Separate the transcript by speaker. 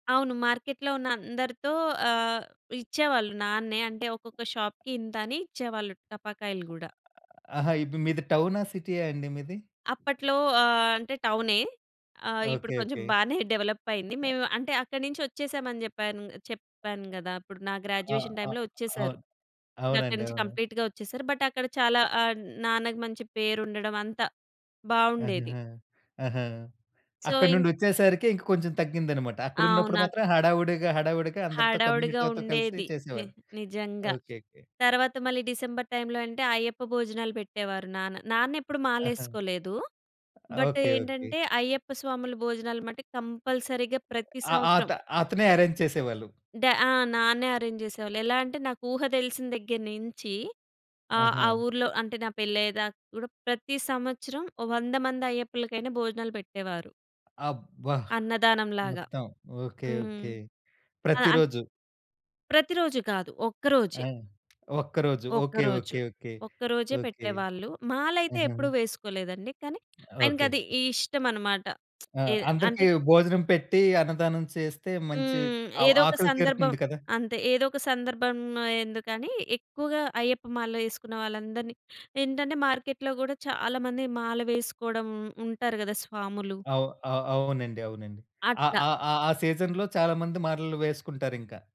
Speaker 1: అవును. మార్కెట్లో ఉన్న అందరితో ఆహ్, ఇచ్చేవాళ్ళు నాన్నే అంటే ఒక్కొక్క షాపుకి ఇంతని ఇచ్చేవాళ్ళు టపాకాయలు గుడా.
Speaker 2: ఆ ఆహా! ఇబ్ మీది టౌనా, సిటీయా అండి మీది?
Speaker 1: అప్పట్లో ఆహ్, అంటే టౌనే ఆహ్, ఇప్పుడు
Speaker 2: ఓకే.
Speaker 1: కొంచెం
Speaker 2: ఓకే.
Speaker 1: బానే డెవలపయింది.
Speaker 2: ఆ
Speaker 1: మేం అంటే అక్కడినించి ఒచ్చేసాం అని జెప్పాను చెప్పాను గదా! ఇప్పుడు నా
Speaker 2: ఆ!
Speaker 1: గ్రాడ్యుయేషన్
Speaker 2: ఆ!
Speaker 1: టైమ్‌లో ఒచ్చేసారు.
Speaker 2: అవును.
Speaker 1: ఇంక అక్కడి
Speaker 2: అవునండి.
Speaker 1: నుంచి
Speaker 2: అవును.
Speaker 1: కంప్లీట్‌గా ఒచ్చేసారు. బట్ అక్కడ చాలా ఆహ్, నాన్నకి మంచి పేరు ఉండడం అంతా బావుండేది.
Speaker 2: ఆహాహా! ఆహా!
Speaker 1: సో,
Speaker 2: అక్కడి
Speaker 1: ఇం
Speaker 2: నుండొచ్చేసరికే ఇంకా కొంచెం తగ్గిందన్నమాట.
Speaker 1: అవును.
Speaker 2: అక్కడున్నప్పుడు
Speaker 1: అక్
Speaker 2: మాత్రం హడావుడిగా హడావుడిగా అందరితో
Speaker 1: హడావిడిగా
Speaker 2: కమ్యూనిటీతో
Speaker 1: ఉండేది.
Speaker 2: కలిసి
Speaker 1: ని
Speaker 2: చేసేవారు.
Speaker 1: నిజంగా.
Speaker 2: ఓకే. ఓకే.
Speaker 1: తరువాత మళ్ళీ డిసెంబర్ టైంలో అంటే అయ్యప్ప భోజనాలు పెట్టేవారు నాన్న, నానేప్పుడూ
Speaker 2: ఆహా!
Speaker 1: మాలేసుకోలేదు. But
Speaker 2: okay. ఓకే.
Speaker 1: ఏంటంటే, అయ్యప్ప స్వాముల భోజనాలు మట్టి కంపల్సరీగా ప్రతి
Speaker 2: ఆహ్,
Speaker 1: సంవత్సరం.
Speaker 2: అతా అతనే అరేంజ్ చేసేవాళ్ళు.
Speaker 1: డ ఆ! నాన్నే అరేంజ్ జేసేవాళ్ళు. ఎలాంటే నాకు ఊహ దెలిసిన దగ్గర నించి, ఆహ్, ఆ
Speaker 2: ఆహా!
Speaker 1: ఊర్లో అంటే నా పెళ్లి అయ్యేదాకా గూడా ప్రతి సంవత్సరం ఓ 100 మంది అయ్యప్పలకైనా భోజనాలు పెట్టేవారు.
Speaker 2: అబ్బా!
Speaker 1: అన్నదానం లాగా.
Speaker 2: మొత్తం. ఓకే.
Speaker 1: హ్మ్.
Speaker 2: ఓకే.
Speaker 1: ఆ! ఆన్
Speaker 2: ప్రతిరోజు.
Speaker 1: ప్రతిరోజు కాదు. ఒక్క రోజే.
Speaker 2: ఆ! ఒక్కరోజు ఓకే.
Speaker 1: ఒక్కరోజు.
Speaker 2: ఓకే. ఓకే.
Speaker 1: ఒక్కరోజే
Speaker 2: ఓకే.
Speaker 1: పెట్టేవాళ్ళు. మాలైతే
Speaker 2: ఆహా!
Speaker 1: ఎప్పుడూ వేసుకోలేదండి. కానీ
Speaker 2: ఓకే.
Speaker 1: ఆయనకది ఇష్టమన్నమాట.
Speaker 2: ఆ!
Speaker 1: ఏ అంటే
Speaker 2: అందరికి భోజనం పెట్టి, అన్నదానం చేస్తే మంచి
Speaker 1: హ్మ్.
Speaker 2: అవ్
Speaker 1: ఏదోక
Speaker 2: ఆకలి
Speaker 1: సందర్భం
Speaker 2: తీరుతుంది కదా!
Speaker 1: అంతే. ఏదోక సందర్భం ఎందుకని, ఎక్కువగా అయ్యప్ప మాల ఏసుకున్న వాళ్ళందరిని ఏంటంటే, మార్కెట్లో గూడా చాలా మంది మాల వేసుకోడం ఉంటారు గదా! స్వాములు.
Speaker 2: అవ్ ఆ అవునండి. అవునండి. ఆ
Speaker 1: అట్లా.
Speaker 2: ఆ ఆ ఆ సీజన్‌లో చాలా మంది మలలు వేసుకుంటారింకా.